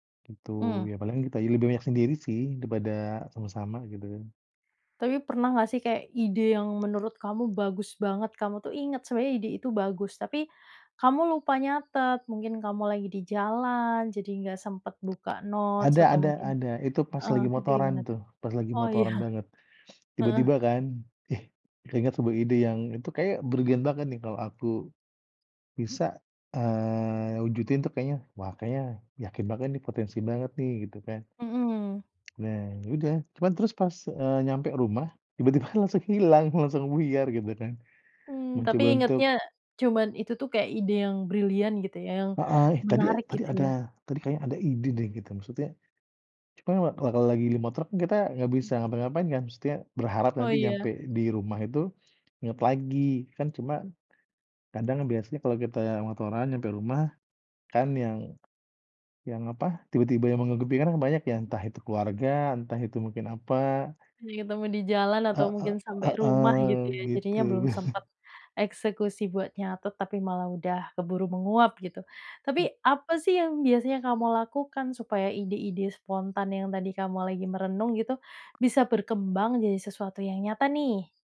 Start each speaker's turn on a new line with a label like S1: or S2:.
S1: Betul,
S2: Mmm.
S1: ya paling kita ini lebih banyak sendiri sih, daripada sama-sama, gitu kan.
S2: Tapi pernah nggak sih kayak ide yang menurut kamu bagus banget, kamu tuh ingat sebenarnya ide itu bagus. Tapi, kamu lupa nyatet, mungkin kamu lagi di jalan jadi nggak sempet buka notes
S1: Ada
S2: atau
S1: ada
S2: mungkin
S1: ada, itu pas
S2: heeh,
S1: lagi
S2: itu
S1: motoran
S2: gimana tuh?
S1: tuh, pas lagi
S2: Oh, iya.
S1: motoran banget.
S2: Heeh.
S1: Tiba-tiba kan, "Ih keinget sebuah ide yang itu kayaknya brilian banget nih, kalau aku, bisa, eee, wujudin tuh kayaknya wah kayaknya yakin banget nih potensi banget nih," gitu kan.
S2: Mhm mhm.
S1: Nah, ya udah. Cuman terus pas, eee, nyampe rumah, tiba-tiba langsung hilang, langsung buyar gitu kan.
S2: Mmm, tapi
S1: Mencoba untuk
S2: ingatnya, cuman itu tuh kayak ide yang brilian gitu, yang
S1: Heeh, ya tadi
S2: menarik
S1: tadi
S2: gitu
S1: ada
S2: ya.
S1: tadi kayaknya ada ide deh gitu, maksudnya. Cuman ma nah kalau lagi di motor kan, kita nggak bisa ngapa-ngapain kan, maksudnya berharap
S2: Oh,
S1: nanti nyampe
S2: iya.
S1: di rumah itu inget lagi. Kan cuma, kadang biasanya kalau kita yang motoran sampai rumah kan yang yang, apa, tiba-tiba yang menutupi kan banyak ya, entah itu keluarga, entah itu mungkin apa
S2: Jadi ketemu di jalan atau
S1: Heeh
S2: mungkin sampai rumah
S1: heeh,
S2: gitu ya, jadinya
S1: gitu.
S2: belum sempet eksekusi buat nyatet, tapi malah udah keburu menguap gitu.
S1: Hmm.
S2: Tapi, apa sih yang biasanya kamu lakukan supaya ide-ide spontan yang tadi kamu lagi merenung gitu, bisa berkembang jadi sesuatu yang nyata nih?